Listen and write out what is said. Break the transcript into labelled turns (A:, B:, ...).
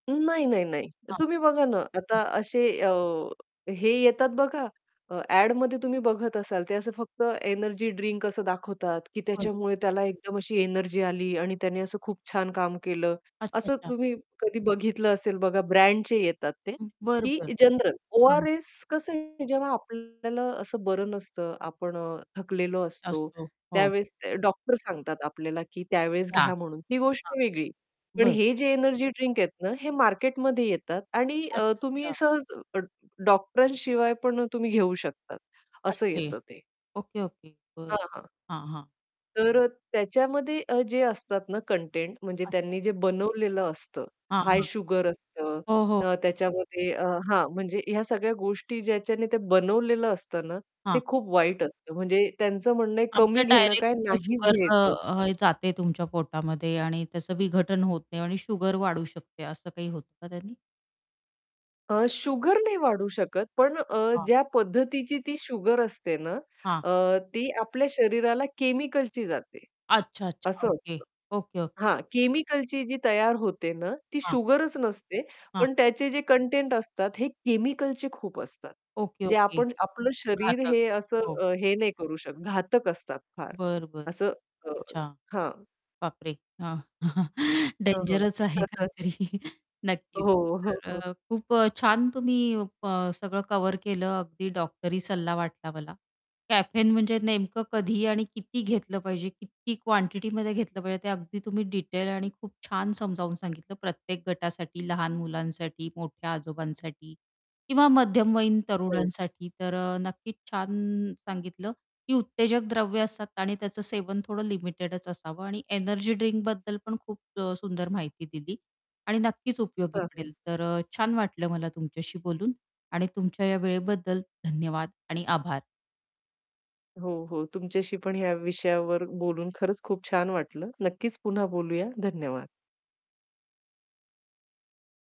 A: नाही, नाही, नाही.
B: हां.
A: तुम्ही बघा ना,
B: हं.
A: आता असे अ, हे येतात बघा अ, ॲडमध्ये तुम्ही बघत असाल ते असं फक्त एनर्जी ड्रिंक असं दाखवतात की
B: [unintelligible]
A: त्याच्यामुळे त्याला एकदम अशी एनर्जी आली आणि त्याने असं खूप छान काम केलं.
B: अच्छा,
A: असं
B: अच्छा.
A: तुम्ही कधी बघितलं असेल बघा ब्रँडचे येतात ते,
B: बरं,
A: की
B: बरं.
A: जनरल
B: हां.
A: ORS कसं आहे जेव्हा आपल्याला असं बरं नसतं, आपण अ, थकलेलो असतो
B: असतो, हो.
A: त्यावेळेस ते डॉक्टर सांगतात आपल्याला की त्यावेळेस
B: घ्या.
A: घ्या म्हणून ही गोष्ट
B: हां.
A: वेगळी. पण
B: बरं.
A: हे जे एनर्जी ड्रिंक आहेत ना हे मार्केटमध्ये येतात आणि अ, तुम्ही
B: अच्छा-अच्छा.
A: सहज अ, डॉक्टर शिवाय पण तुम्ही घेऊ शकता, असं
B: अशे?
A: येतं ते.
B: Okay, okay. बरं
A: हां, हां.
B: हां, हां.
A: तर अ, त्याच्यामध्ये अ, जे असतात ना, कंटेंट म्हणजे
B: अच्छा.
A: त्यांनी जे बनवलेलं असतं
B: हां,
A: हाय
B: हां.
A: शुगर असतं
B: हो, हो.
A: अ, त्याच्यामध्ये अ, हां म्हणजे ह्या सगळ्या गोष्टी ज्याच्याने ते बनवलेलं असतं ना, ते
B: हां.
A: खूप वाईट असतं म्हणजे त्यांचं म्हणणं आहे
B: आमच्या
A: कमी घेणं काय
B: डायरेक्ट
A: नाहीच
B: शुगर अ,
A: घ्यायचं असतं.
B: अ, जाते तुमच्या पोटामध्ये आणि त्याचं विघटन होत नाही आणि शुगर वाढू शकते असं काही होतं का त्यांनी?
A: अ, शुगर नाही वाढू शकत पण अ,
B: हां.
A: ज्या पद्धतीची ती शुगर असते ना,
B: हां.
A: अ, ती आपल्या शरीराला केमिकलची जाते.
B: अच्छा-अच्छा.
A: असं
B: ओके,
A: असतं.
B: ओके, ओ
A: हां, केमिकलची जी तयार होते ना, ती
B: हां.
A: शुगरच नसते
B: हां.
A: पण त्याचे जे कंटेंट असतात हे केमिकलचे खूप असतात.
B: ओके,
A: जे
B: ओके.
A: आपण आपलं शरीर
B: घातक.
A: हे असं
B: हो.
A: अ, हे नाही करू शकत. घातक असतात फार
B: बरं, बरं.
A: असं अ,
B: अच्छा.
A: हां.
B: बाप रे! हां.
A: हं, हं.
B: डेंजरच आहे काहीतरी. नक्कीच.
A: हो, हो,
B: तर
A: हो.
B: अ, खूप अ, छान तुम्ही अ, सगळं कव्हर केलं अगदी डॉक्टरी सल्ला वाटला मला कॅफेन म्हणजे नेमकं कधी आणि किती घेतलं पाहिजे किती क्वांटिटीमध्ये घेतलं पाहिजे ते अगदी तुम्ही डिटेल आणि खूप छान समजावून सांगितलं प्रत्येक गटासाठी, लहान मुलांसाठी, मोठ्या आजोबांसाठी किंवा मध्यमवयीन
A: हो.
B: तरुणांसाठी तर अ, नक्कीच छान सांगितलं की उत्तेजक द्रव्य असतात आणि त्याचं सेवन थोडं लिमिटेडच असावं आणि एनर्जी ड्रिंक बद्दल पण अ, खूप अ, सुंदर माहिती दिली आणि नक्कीच उपयोगी
A: हां, हां.
B: पडेल. तर अ, छान वाटलं मला तुमच्याशी बोलून आणि तुमच्या या वेळेबद्दल धन्यवाद. आणि आभार.
A: हो, हो. तुमच्याशी पण ह्या विषयावर बोलून खरंच खूप छान वाटलं. नक्कीच पुन्हा बोलूया. धन्यवाद.